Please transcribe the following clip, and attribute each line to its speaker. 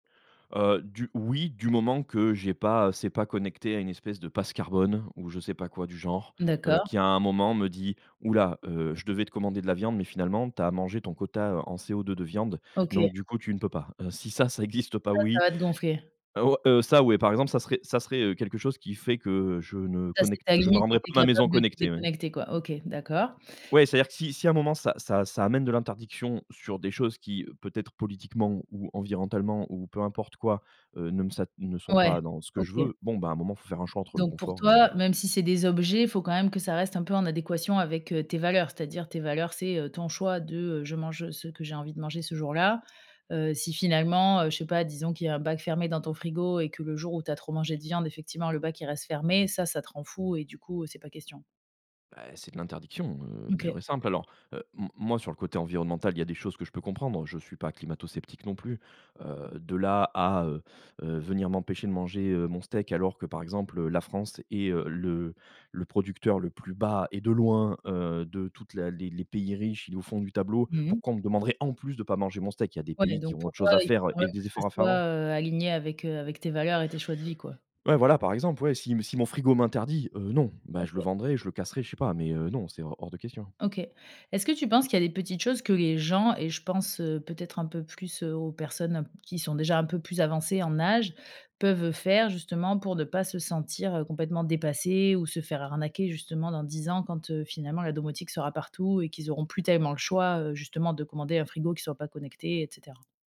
Speaker 1: Heu, du, oui, du moment que j'ai pas, c'est pas connecté à une espèce de passe carbone, ou je sais pas quoi du genre, heu,
Speaker 2: D'accord.
Speaker 1: qui à un moment me dit: «Ouh là, heu, je devais te commander de la viande, mais finalement, tu as mangé ton quota, heu, en CO2 de viande,
Speaker 2: OK.
Speaker 1: donc du coup tu ne peux pas.» heu, si ça, ça existe pas,
Speaker 2: Ça, ça
Speaker 1: oui.
Speaker 2: va te gonfler.
Speaker 1: Heu, o, heu, ça ouais, par exemple, ça serait ça serait, heu, quelque chose qui fait que je ne
Speaker 2: Ça, c'est
Speaker 1: connecte,
Speaker 2: ta
Speaker 1: je ne
Speaker 2: limite, et
Speaker 1: rendrai pas
Speaker 2: tu es
Speaker 1: ma maison
Speaker 2: capable de te
Speaker 1: connectée, ouais.
Speaker 2: déconnecter, quoi. OK, d'accord.
Speaker 1: Ouais, c'est-à-dire que si si à un moment ça ça ça amène de l'interdiction sur des choses qui, peut-être politiquement ou environnementalement, ou peu importe quoi, heu, ne me sa ne sont
Speaker 2: Ouais,
Speaker 1: pas dans ce que je
Speaker 2: OK.
Speaker 1: veux, bon, bah, à un moment il faut faire un choix entre le
Speaker 2: Donc, pour
Speaker 1: confort et
Speaker 2: toi, même si c'est des objets, il faut quand même que ça reste un peu en adéquation avec, heu, tes valeurs, c'est-à-dire tes valeurs. C'est, heu, ton choix de, heu, je mange, ce que j'ai envie de manger ce jour-là. Heu, si finalement, heu, je sais pas, disons qu'il y a un bac fermé dans ton frigo, et que le jour où tu as trop mangé de viande, effectivement, le bac il reste fermé, ça, ça te rend fou, et du coup, c'est pas question.
Speaker 1: Beh, c'est de l'interdiction, heu,
Speaker 2: Mmh, OK.
Speaker 1: pure et simple. Alors, heu, m moi, sur le côté environnemental, il y a des choses que je peux comprendre, je suis pas climatosceptique non plus. Heu, de là à, heu heu, venir m'empêcher de manger, heu, mon steak. Alors que, par exemple, heu, la France est, heu, le le producteur le plus bas, et de loin, heu, de toute la les les pays riches. Il est au fond du tableau.
Speaker 2: Mmh mh.
Speaker 1: Pourquoi on me demanderait, en plus, de pas manger mon steak? Il y a des
Speaker 2: Ouais, mais
Speaker 1: pays qui
Speaker 2: donc
Speaker 1: ont
Speaker 2: pour
Speaker 1: autre
Speaker 2: toi,
Speaker 1: chose à
Speaker 2: il
Speaker 1: faire,
Speaker 2: faut quand même
Speaker 1: et des
Speaker 2: que ça
Speaker 1: efforts à faire
Speaker 2: soit,
Speaker 1: avant.
Speaker 2: heu, aligné avec, heu, avec tes valeurs et tes choix de vie, quoi.
Speaker 1: Ouais, voilà, par exemple. Ouais, si si mon frigo m'interdit, heu, non, bah, je le
Speaker 2: OK.
Speaker 1: vendrai, je le casserai, je sais pas, mais heu, non c'est hors hors de question.
Speaker 2: OK. Est-ce que tu penses qu'il y a des petites choses que les gens, et je pense, heu, peut-être un peu plus, heu, aux personnes un p qui sont déjà un peu plus avancées en âge, peuvent faire, justement, pour ne pas se sentir, heu, complètement dépassées, ou se faire arnaquer, justement, dans 10 ans quand, heu, finalement, la domotique sera partout, et qu'ils auront plus tellement le choix, heu, justement, de commander un frigo qui soit pas connecté, et cetera?